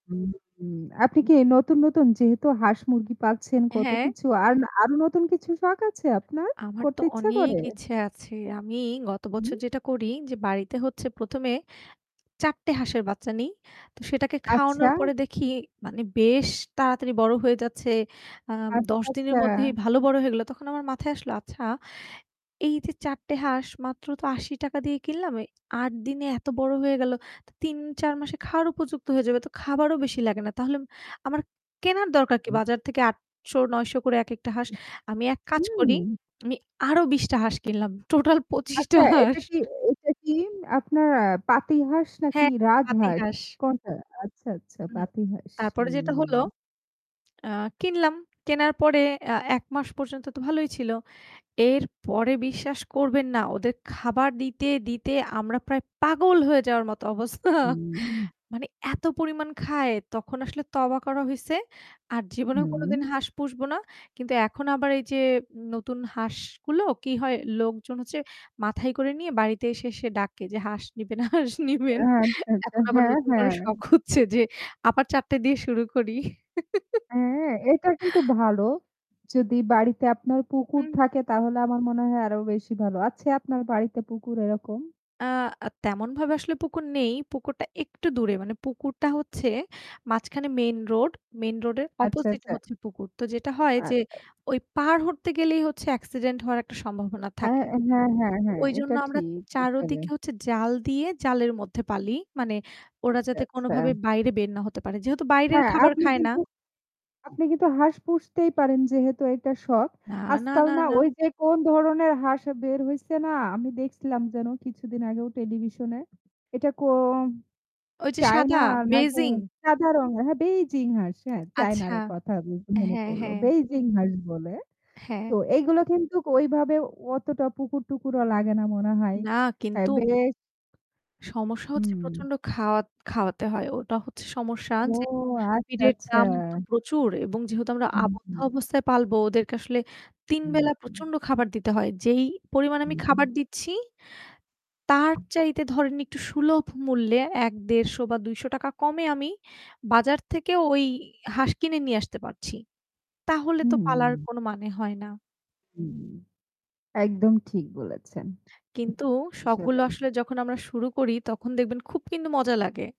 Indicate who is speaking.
Speaker 1: হু, হু। আপনি কি নতুন, নতুন যেহেতু হাঁস মুরগি পাচ্ছেন কত
Speaker 2: হ্যাঁ।
Speaker 1: কিছু আর আরো নতুন কিছু শখ আছে আপনার
Speaker 2: আমার তো
Speaker 1: করতে ইচ্ছে
Speaker 2: অনেক
Speaker 1: করে?
Speaker 2: ইচ্ছা আছে। আমি গত বছর
Speaker 1: হু।
Speaker 2: যেটা করি যে বাড়িতে হচ্ছে প্রথমে ৪ টে হাঁসের বাচ্চা নেই। তো সেটাকে
Speaker 1: আচ্ছা।
Speaker 2: খাওয়ানোর পরে দেখি মানে বেশ তাড়াতাড়ি বড় হয়ে যাচ্ছে। আ
Speaker 1: আচ্ছা,
Speaker 2: ১০ দিনের
Speaker 1: আচ্ছা।
Speaker 2: মধ্যেই ভালো বড় হয়ে গেল। তখন আমার মাথায় আসলো আচ্ছা। এই যে ৪ টে হাঁস মাত্র তো ৳৮০ দিয়ে কিনলাম, ৮ দিনে এত বড় হয়ে গেল ৩-৪ মাসে খাওয়ার উপযুক্ত হয়ে যাবে তো খাবারও বেশি লাগে না। তাহলে আমার কেনার দরকার কি বাজার থেকে ৳৮০০-৯০০ করে এক একটা হাঁস। আমি এক কাজ
Speaker 1: হুম।
Speaker 2: করি, আমি আরো ২০ টা হাঁস কিনলাম। টোটাল ২৫ টা
Speaker 1: আচ্ছা এটা
Speaker 2: হাঁস।
Speaker 1: কি এটা কি আপনার পাতি হাঁস নাকি
Speaker 2: হ্যাঁ, পাতি
Speaker 1: রাজহাস?
Speaker 2: হাস।
Speaker 1: কোনটা? আচ্ছা, আচ্ছা
Speaker 2: হুম
Speaker 1: পাতি হাঁস,
Speaker 2: তারপরে যেটা হলো।
Speaker 1: হুম।
Speaker 2: আ কিনলাম। কেনার পরে আ ১ মাস পর্যন্ত তো ভালোই ছিল। এরপরে বিশ্বাস করবেন না ওদের খাবার দিতে, দিতে আমরা প্রায় পাগল হয়ে যাওয়ার মতো অবস্থা।
Speaker 1: হুম।
Speaker 2: মানে এত পরিমাণ খায় তখন আসলে তওবা করা হইছে। আর জীবনেও
Speaker 1: হুম।
Speaker 2: কোনদিন হাঁস পুষবো না। কিন্তু এখন আবার এই যে নতুন হাঁসগুলো কি হয় লোকজন হচ্ছে মাথায় করে নিয়ে বাড়িতে এসে এসে ডাকে যে হাঁস নিবেন, হাঁস নিবেন।
Speaker 1: আচ্ছা, আচ্ছা।
Speaker 2: এখন আবার
Speaker 1: হ্যাঁ,
Speaker 2: নতুন করে
Speaker 1: হ্যাঁ।
Speaker 2: শখ হচ্ছে যে আবার ৪ টে দিয়ে শুরু করি।
Speaker 1: হ্যাঁ এটা কিন্তু ভালো। যদি বাড়িতে আপনার পুকুর
Speaker 2: হুম।
Speaker 1: থাকে তাহলে আমার মনে হয় আরো বেশি ভালো। আছে আপনার বাড়িতে পুকুর এরকম?
Speaker 2: আ আ তেমন ভাবে আসলে পুকুর নেই। পুকুরটা একটু দূরে মানে পুকুরটা হচ্ছে মাঝখানে মেইন রোড মেইন রোড এর
Speaker 1: আচ্ছা,
Speaker 2: অপোজিট
Speaker 1: আচ্ছা।
Speaker 2: হচ্ছে পুকুর তো যেটা হয় যে
Speaker 1: আচ্ছা।
Speaker 2: ওই পাড় হতে গেলেই হচ্ছে অ্যাক্সিডেন্ট হওয়ার একটা সম্ভাবনা
Speaker 1: হ্যাঁ,
Speaker 2: থাকে।
Speaker 1: হ্যাঁ, হ্যাঁ, হ্যাঁ,
Speaker 2: ওইজন্য
Speaker 1: এটা
Speaker 2: আমরা
Speaker 1: ঠিক
Speaker 2: ৪
Speaker 1: আসলে।
Speaker 2: দিকে হচ্ছে জাল দিয়ে জালের মধ্যে পালি মানে ওরা
Speaker 1: আচ্ছা,
Speaker 2: যাতে কোনোভাবে
Speaker 1: আচ্ছা।
Speaker 2: বাইরে বের না হতে পারে। যেহেতু বাইরের
Speaker 1: হ্যাঁ
Speaker 2: খাবার
Speaker 1: আপনি,
Speaker 2: খায় না
Speaker 1: আপনি কিন্তু হাঁস পুষতেই পারেন যেহেতু এটা শখ।
Speaker 2: না, না,
Speaker 1: আজকাল
Speaker 2: না,
Speaker 1: না
Speaker 2: না।
Speaker 1: ওই যে কোন ধরনের হাঁস বের হইছে না আমি দেখছিলাম যেন কিছুদিন আগেও টেলিভিশনে। এটা কোন
Speaker 2: ওই যে
Speaker 1: চায়না
Speaker 2: সাদা
Speaker 1: নাকি
Speaker 2: বেইজিং।
Speaker 1: সাদা রঙের হ্যাঁ বেইজিং হাস হ্যাঁ
Speaker 2: আচ্ছা।
Speaker 1: চায়নার কথা যেহেতু মনে
Speaker 2: হ্যাঁ,
Speaker 1: পড়ল।
Speaker 2: হ্যাঁ।
Speaker 1: বেইজিং হাস বলে।
Speaker 2: হ্যাঁ।
Speaker 1: তো এগুলো কিন্তু ঐ ভাবাবে অতটা পুকুর টুকুরও লাগে না মনে হয়।
Speaker 2: না
Speaker 1: তাই
Speaker 2: কিন্তু
Speaker 1: বেশ
Speaker 2: সমস্যা হচ্ছে
Speaker 1: হুম।
Speaker 2: প্রচন্ড খাওয়া খাওয়াতে হয়। ওটা হচ্ছে সমস্যা
Speaker 1: ও
Speaker 2: যে
Speaker 1: আচ্ছা,
Speaker 2: পিটের
Speaker 1: আচ্ছা।
Speaker 2: দাম তো প্রচুর এবং যেহেতু আমরা
Speaker 1: হু,
Speaker 2: আবদ্ধ
Speaker 1: হু।
Speaker 2: অবস্থায় পালবো ওদেরকে আসলে ৩
Speaker 1: হু,
Speaker 2: বেলা
Speaker 1: হু।
Speaker 2: প্রচন্ড খাবার দিতে হয়। যেই পরিমাণে
Speaker 1: হু,
Speaker 2: আমি
Speaker 1: হু।
Speaker 2: খাবার দিচ্ছি তার চাইতে ধরেন একটু সুলভ মূল্যে ১-১৫০ বা ৳২০০ কমে আমি বাজার থেকে ওই হাঁস কিনে নিয়ে আসতে পারছি। তাহলে তো পালার
Speaker 1: হুম।
Speaker 2: কোন মানে হয় না।
Speaker 1: হুম একদম ঠিক বলেছেন।
Speaker 2: কিন্তু
Speaker 1: আসলে।
Speaker 2: শখগুলো আসলে যখন আমরা শুরু করি তখন দেখবেন খুব কিন্তু মজা লাগে।